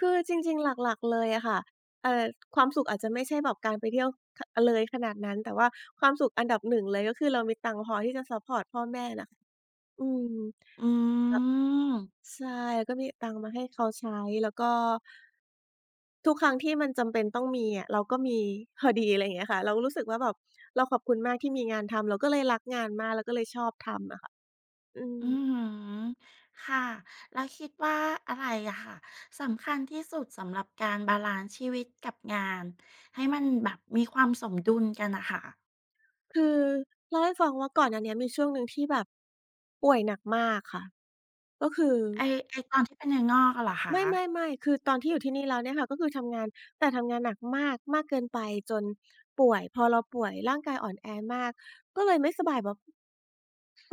คือจริง ๆ หลัก ๆ เลยอะค่ะ เอ่อ ความสุขอาจจะ ไม่ใช่แบบการไปเที่ยว ค อ เลยขนาดนั้น แต่ว่าความสุขอันดับ 1 เลย ก็คือเรามีตังค์พอที่จะซัปพอร์ตพ่อแม่น่ะ อืม แลอืม ้ว ใช่ ก็มีตังค์มาให้เขาใช้ แล้วก็ ทุกครั้งที่มันจำเป็นต้องมีอะ เราก็มีพอดี ไรเงี้ยค่ะ เราก็รู้สึกว่าแบบเราขอบคุณมากที่มีงานทำ เราก็เลยรักงานมาก แล้วก็เลยชอบ ทำอะค่ะ อือือม ฮึ ค่ะ แล้วคิดว่า อะไรอะค่ะ สำคัญที่สุดสำหรับการบาลันซ์ชีวิตกับงาน? ให้มันแบบมีความ สมดุลกันน่ะค่ะ คือเล่าให้ฟังว่า ก่อนหน้าเนี้ย มีช่วงหนึ่งที่แบบ ป่วยหนักมากค่ะ ก็คือ ไอ้ ไอ้ตอนที่เป็นเนื้องอกอะเหรอคไมะ? ่ ๆ ๆ คือตอนที่อยู่ที่นี่แล้วเนี่ยค่ะ ก็คือทำงาน แต่ทำงานหนักมาก มากเกินไปจนป่วย พอเราป่วย ร่างกายอ่อนแอมาก ก็เลยไม่สบายแบบ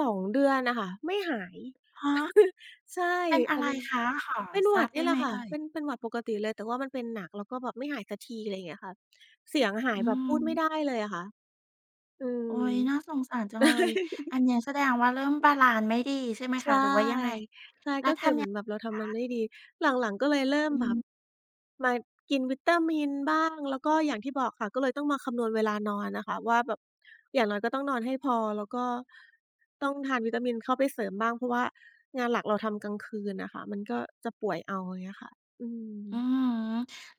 2 เดือนน่ะค่ะ ไม่หาย ฮะ? ใช่ เป็นออะาไรนึง คะ? ขอเป็นทหวราัดบนไดี่้แหไลหมะค่เะ อ่ย? เป็น เป็นหวัดปกติเลย แต่ว่ามันเป็นหนัก แล้วก็แบบไม่หายสักที อะไรเงี้ยค่ะ เสียงหาอยือแบบพูฮดไม่ึ ได้เลยอะค่ะ อืม โอ๊ย น่าสงสารจังเลย อันเนี้ย แสดงว่า เริ่มบาลันซ์ไม่ดีใช่ไหมใชคะ ่ หรือว่ายังไง? ใช่ และก็ทคือเหำ มย ือนแบบเรา ทคำมันะ? ไม่ดี หลัง ๆ ก็เลยเริ่อมืแบบ ม มากินวิตามินบ้าง แล้วก็อย่างที่บอกค่ะ ก็เลยต้องมาคำนวณเวลานอนอะค่ะว่าแบบ อย่างน้อยก็ต้องนอนให้พอ แล้วก็ต้องทานวิตามินเข้าไปเสริมบ้าง เพราะว่างานหลักเราทำกลางคืนน่ะค่ะ มันก็จะป่วยเอา อย่างเงี้ยค่ะ อือืม อฮึ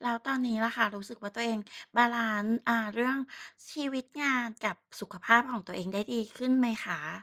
แล้วตอน นี้ล่ะค่ะ รู้สึกว่า ตัวเองบาลันซ์ อ่า เรื่องชีวิตงานกับสุขภาพของตัวเองได้ดีขึ้นไหมคะ?